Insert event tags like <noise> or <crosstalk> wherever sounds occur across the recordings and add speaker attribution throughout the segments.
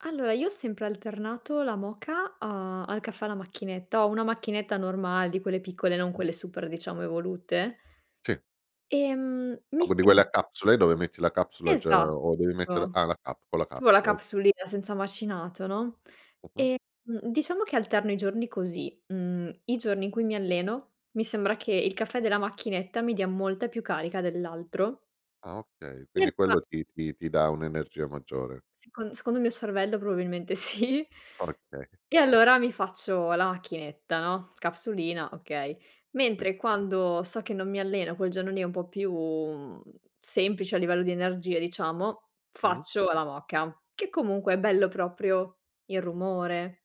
Speaker 1: Allora, io ho sempre alternato la moka a al caffè alla macchinetta. Ho una macchinetta normale di quelle piccole, non
Speaker 2: Mh.
Speaker 1: quelle super, diciamo, evolute.
Speaker 2: Sì.
Speaker 1: Ehm,
Speaker 2: O
Speaker 1: mi
Speaker 2: gh di quelle a
Speaker 1: sem
Speaker 2: capsule? Dove metti la capsula già o devi mette la
Speaker 1: Esatto.
Speaker 2: ah, la cap con la
Speaker 1: Ci vuole la
Speaker 2: capsula, o
Speaker 1: capsulina senza macinato, no,
Speaker 2: Mh-mh.
Speaker 1: ehm, mhmm, diciamo che alterno i giorni così: mhmm, i giorni in cui mi alleno, mi sembra che il caffè della macchinetta mi dia molta più carica dell'altro.
Speaker 2: Ah, okay.
Speaker 1: E
Speaker 2: Quindi,
Speaker 1: allora
Speaker 2: quello ti ti ti dà un'energia maggiore.
Speaker 1: Secon secondo il mio cervello probabilmente sì!
Speaker 2: Okay.
Speaker 1: E allora, mi faccio la macchinetta, no, capsulina, okay.
Speaker 2: I
Speaker 1: Mentre, quando so che non mi allena, quel giorno lì è un po' più, mhmm, semplice a livello di energia, diciamo,
Speaker 2: Mh-mh.
Speaker 1: faccio la moka, che comunque è bello proprio il rumore.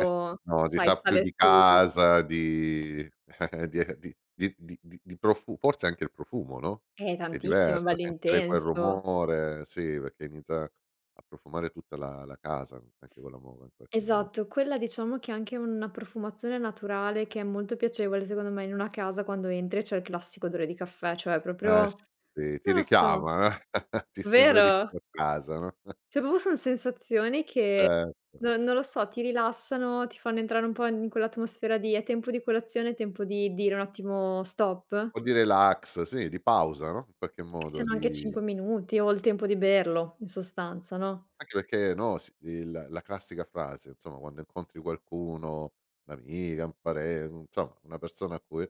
Speaker 2: Eh, s no, ti
Speaker 1: sai,
Speaker 2: sa più
Speaker 1: sale
Speaker 2: di
Speaker 1: su
Speaker 2: casa, di <chuckles> di e di di di di di profu forse anche il profumo, no,
Speaker 1: Eh,
Speaker 2: è
Speaker 1: tantissimo! È
Speaker 2: diverso
Speaker 1: bello
Speaker 2: sentire quel
Speaker 1: intenso.
Speaker 2: rumore, sì, perché inizia a profumare tutta la la casa, anche quello mome in qualche mo
Speaker 1: Esatto, quella diciamo che anche una profumazione naturale, che è molto piacevole, secondo me, in una casa quando entri e c'è il classico odore di caffè, cioè proprio,
Speaker 2: Eh, sì. Ti
Speaker 1: non lo so,
Speaker 2: richiama, eh? <chuckles> Ti sembra di
Speaker 1: vero?
Speaker 2: stare a casa, no?
Speaker 1: Cioè,
Speaker 2: <chuckles>
Speaker 1: proprio son sensazioni che
Speaker 2: Cer
Speaker 1: no non lo so, ti rilassano, ti fanno entrare un po' in quell'atmosfera di: "È tempo di colazione". "È tempo di dire un'attimo stop."
Speaker 2: O di relax, sì, di pausa, no, i qualche
Speaker 1: Che
Speaker 2: modo
Speaker 1: siano anche
Speaker 2: di
Speaker 1: 5 minuti o il tempo di berlo in sostanza, no?
Speaker 2: Anche perché, no, si il la classica frase, insomma, quando incontri qualcuno, un'amica, un paren insomma, una persona a cui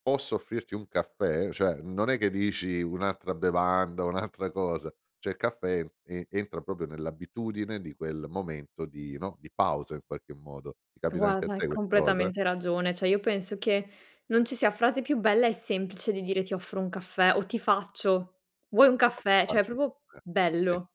Speaker 2: "Posso offrirti un caffè?" Cioè, non è che dici un'altra bevanda, un'altra cosa. Cioè, il caffè en e entra proprio nell'abitudine di quel momento di no, di pausa in qualche modo. Ti
Speaker 1: To
Speaker 2: capita anche a
Speaker 1: guarda,
Speaker 2: te
Speaker 1: è
Speaker 2: questa cosa?
Speaker 1: completamente ragione. Cioè, io penso che non ci sia frase più bella e semplice di dire: "Ti offro un caffè," o: "Ti faccio," "Vuoi un caffè?" Cioè, è proprio
Speaker 2: <unintelligible> Sì.
Speaker 1: bello.